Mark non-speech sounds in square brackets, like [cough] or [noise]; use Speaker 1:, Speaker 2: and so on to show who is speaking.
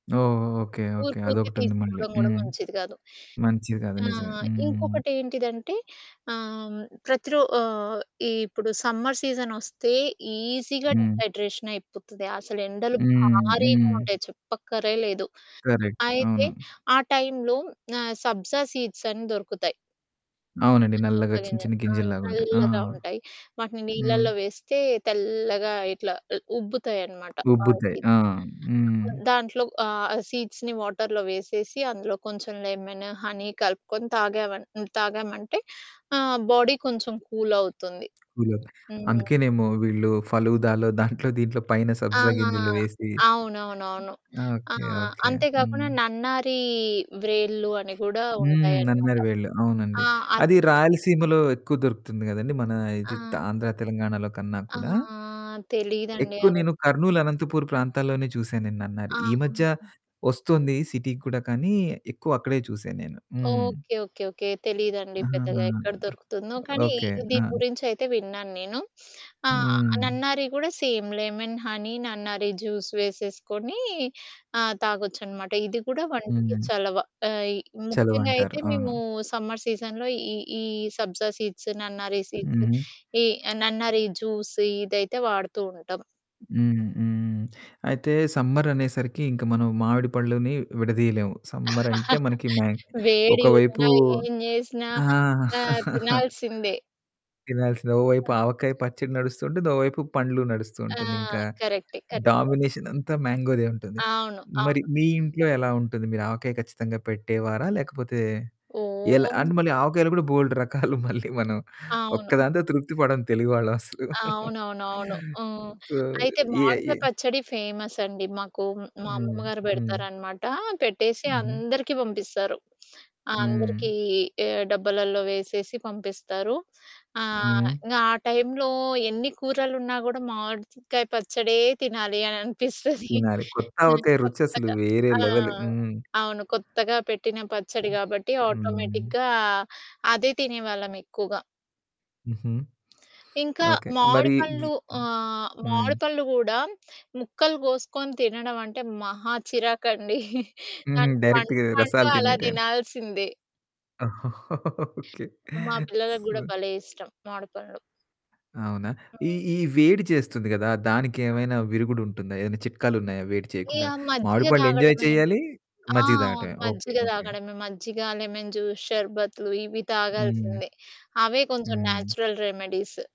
Speaker 1: ఓహ్! ఓహ్! Okay. Okay.
Speaker 2: ఊరుకూరుకే
Speaker 1: అదొకటుంది మళ్ళీ.
Speaker 2: తీసుకోడం గూడా
Speaker 1: హ్మ్.
Speaker 2: మంచిది కాదు.
Speaker 1: మంచిదది నిజమే.
Speaker 2: ఆహ్,
Speaker 1: హ్మ్.
Speaker 2: ఇంకొకటేంటిదంటే ఆహ్, ప్రతి రో ఆహ్, ఇ-ఇప్పుడు సమ్మర్ సీజనొస్తే ఈజీగా
Speaker 1: హ్మ్.
Speaker 2: డీహైడ్రేషన్ అయిపోతది. అసలెండలు
Speaker 1: హ్మ్,
Speaker 2: భారీగా
Speaker 1: హ్మ్.
Speaker 2: ఉంటాయి చెప్పక్కరే లేదు.
Speaker 1: కరెక్ట్.
Speaker 2: అయితే
Speaker 1: అవును.
Speaker 2: ఆ టైమ్‌లో ఆహ్, సబ్జా సీడ్స్ అని దొరుకుతాయి.
Speaker 1: అవునండి.
Speaker 2: ఆ!
Speaker 1: నల్లగా
Speaker 2: సబ్జా
Speaker 1: చిన్న
Speaker 2: గింజలు
Speaker 1: చిన్న
Speaker 2: ఆ
Speaker 1: గింజల్లాగుంటాయి. ఆ!
Speaker 2: చల్లగా ఉంటాయి. వాటిని
Speaker 1: హ్మ్.
Speaker 2: నీళ్ళలో వేస్తే తెల్లగా ఇట్లా ఉ ఉబ్బుతాయన్నమాట. ఆహ్,
Speaker 1: ఉబ్బుతాయి.
Speaker 2: ఈ
Speaker 1: ఆ! హ్మ్.
Speaker 2: దాంట్లో ఆహ్, సీడ్స్‌ని వాటర్‌లో వేసేసి అందులో కొంచెం లెమన్, హనీ కలుపుకొని తాగామన్ హ్మ్ తాగామంటే ఆహ్, బాడీ కొంచెం కూలవుతుంది.
Speaker 1: కూలవుద్దీ.
Speaker 2: హ్మ్.
Speaker 1: అందుకేనేమో వీళ్ళు ఫలూదాలో దాంట్లో దీంట్లో పైన
Speaker 2: ఆ!
Speaker 1: సబ్జా గింజలు వేసి
Speaker 2: అవునవునవును. ఆ!
Speaker 1: Okay, okay.
Speaker 2: అంతే
Speaker 1: హ్మ్.
Speaker 2: గాకుండా నన్నారి వ్రేళ్ళు అని గూడా
Speaker 1: హ్మ్.
Speaker 2: ఉంటాయనమాట.
Speaker 1: నన్నారి వేళ్ళు అవునండి.
Speaker 2: ఆ! అది
Speaker 1: అది
Speaker 2: కూడ
Speaker 1: రాయలసీమలో ఎక్కువ దొరుకుతుంది కదండి. మన ఇది త
Speaker 2: ఆ!
Speaker 1: ఆంధ్ర తెలంగాణలో కన్నా కూడా.
Speaker 2: ఆహ్, తెలీదండి
Speaker 1: ఎక్కువ
Speaker 2: అది.
Speaker 1: నేను కర్నూల్ అనంతపూర్ ప్రాంతాల్లోనే చూసా నేను నన్నారి. ఈ
Speaker 2: ఆహా!
Speaker 1: మధ్య ఒస్తొంది సిటీకి కూడా కానీ ఎక్కువ అక్కడే చూశా నేను. హ్మ్.
Speaker 2: ఓకే. Okay okay. తెలీదండి
Speaker 1: ఆహాహా!
Speaker 2: పెద్దగా ఎక్కడ దొరుకుతుందో. కానీ
Speaker 1: ఓకే.
Speaker 2: ఈ
Speaker 1: ఆ!
Speaker 2: దీని గురించయితే విన్నాను. నేను ఆ!
Speaker 1: హ్మ్.
Speaker 2: నన్నారి గూడా సేమ్ లెమన్, హనీ, నన్నారి జ్యూస్ వేసేసుకొని ఆ! తాగొచ్చనమాట. ఇది గూడా వంటికి
Speaker 1: హ్మ్.
Speaker 2: చలవ. ఆహ్, ఇ ముఖ్యంగా
Speaker 1: చలవంటారు.
Speaker 2: అయితే
Speaker 1: అవును.
Speaker 2: మేము సమ్మర్ సీజన్‌లో ఈ, ఈ సబ్జా సీడ్స్, నన్నారి సీడ్స్,
Speaker 1: హుహు.
Speaker 2: ఈ నన్నారి జ్యూస్ ఇదైతే వాడుతూ ఉంటాం.
Speaker 1: హ్మ్, హ్మ్. అయితే సమ్మర్ అనేసరికి ఇంక మనం మామిడి పండ్లని విడదీయలేము సమ్మర్ అంటే
Speaker 2: [chuckles]
Speaker 1: మనకి మ్యా
Speaker 2: వేడి
Speaker 1: ఒకవైపు
Speaker 2: ఉన్నా ఏం జేశినా,
Speaker 1: ఆ!
Speaker 2: ఆ!
Speaker 1: [chuckles]
Speaker 2: తినాల్సిందే.
Speaker 1: తినాల్సిందే. ఓ వైపు
Speaker 2: ఆ!
Speaker 1: ఆవకాయ పచ్చడి నడుస్తూంటుంది. ఓ వైపు పండ్లు
Speaker 2: ఆ!
Speaker 1: నడుస్తూంటుంది. ఇంకా
Speaker 2: కరెక్టే కరెక్టే.
Speaker 1: డామినేషనంతా మ్యాంగోదే ఉంటుంది.
Speaker 2: అవును.
Speaker 1: మరి
Speaker 2: అవును.
Speaker 1: మీ ఇంట్లో ఎలా ఉంటది? మీరు ఆవకాయ ఖచ్చితంగా పెట్టేవారా? లేకపోతే ఎలా?
Speaker 2: ఓహ్!
Speaker 1: అంటే మళ్ళీ ఆవకాయలో గూడా బోల్డు రకాలు మళ్ళీ మనం
Speaker 2: అవును.
Speaker 1: ఒక్కదానితో తృప్తి పడం తెలుగు వాళ్ళం అసలు. [giggles]
Speaker 2: అవునవునవును. హ్మ్.
Speaker 1: సో
Speaker 2: అయితే
Speaker 1: ఎ
Speaker 2: మావిడికాయ
Speaker 1: ఎ
Speaker 2: పచ్చడి ఫేమస్ అండి మాకు. మా
Speaker 1: హ్మ్,
Speaker 2: అమ్మమ్మ గారు
Speaker 1: హ్మ్.
Speaker 2: బెడతారనమాట. పెట్టేసి
Speaker 1: హుహు.
Speaker 2: అందరికీ పంపిస్తారు. ఆ!
Speaker 1: హ్మ్.
Speaker 2: అందరికీ ఎ డబ్బాలలో వేసేసి పంపిస్తారు. ఆహ్,
Speaker 1: హ్మ్.
Speaker 2: ఇంగ ఆ టైమ్‌లో ఎన్ని కూరలున్నా గూడా మామిడిచికాయ పచ్చడే తినాలి అని అనిపిస్తది.
Speaker 1: తినాలి కొత్త ఆవకాయ రుచసలు
Speaker 2: కొత్తగా.
Speaker 1: వేరే
Speaker 2: ఆ!
Speaker 1: లెవెల్ హ్మ్.
Speaker 2: అవును. కొత్తగా పెట్టిన పచ్చడి గాబట్టి
Speaker 1: హ్మ్.
Speaker 2: ఆటోమేటిక్‌గా అదే తినేవాళ్ళమెక్కువగా.
Speaker 1: హుహు.
Speaker 2: ఇంకా
Speaker 1: [sniffs] ఓకే.
Speaker 2: మామిడి
Speaker 1: మరి వ్
Speaker 2: పళ్ళు ఆహ్,
Speaker 1: హ్మ్.
Speaker 2: మామిడి పళ్ళు గూడా ముక్కలు గోసుకొని తినడం అంటే మహా చిరాకండి. [chuckles]
Speaker 1: హుహు.
Speaker 2: దానికి పండు,
Speaker 1: డైరెక్ట్‌గా
Speaker 2: పండు
Speaker 1: రసాలు
Speaker 2: అలా
Speaker 1: తినేయటమేను.
Speaker 2: దినాల్సిందే.
Speaker 1: [laughs] ఓకే.
Speaker 2: మా పిల్లలగు
Speaker 1: స్
Speaker 2: గూడా భలే! ఇష్టం మామిడిపండ్లు.
Speaker 1: అవునా? ఈ
Speaker 2: హ్మ్.
Speaker 1: ఈ వేడి చేస్తుంది గదా!
Speaker 2: ఆ!
Speaker 1: దానికేమైనా విరుగుడుంటుందా? ఏమైనా చిట్కాలున్నాయా వేడి చేయకుండా?
Speaker 2: ఇగ
Speaker 1: మామిడి
Speaker 2: మజ్జిగ
Speaker 1: పళ్ళు ఎంజాయ్
Speaker 2: తాగడమే.
Speaker 1: చెయ్యాలి,
Speaker 2: ఆ!
Speaker 1: మజ్జిగ తాగటమే. ఓకే
Speaker 2: మజ్జిగ
Speaker 1: ఓకే.
Speaker 2: తాగడమే మజ్జిగ, లెమన్ జ్యూస్, షర్బత్లు ఇవి
Speaker 1: హ్మ్.
Speaker 2: తాగాల్సిందే. అవే కొంచెం
Speaker 1: హ్మ్.
Speaker 2: Natural remedies.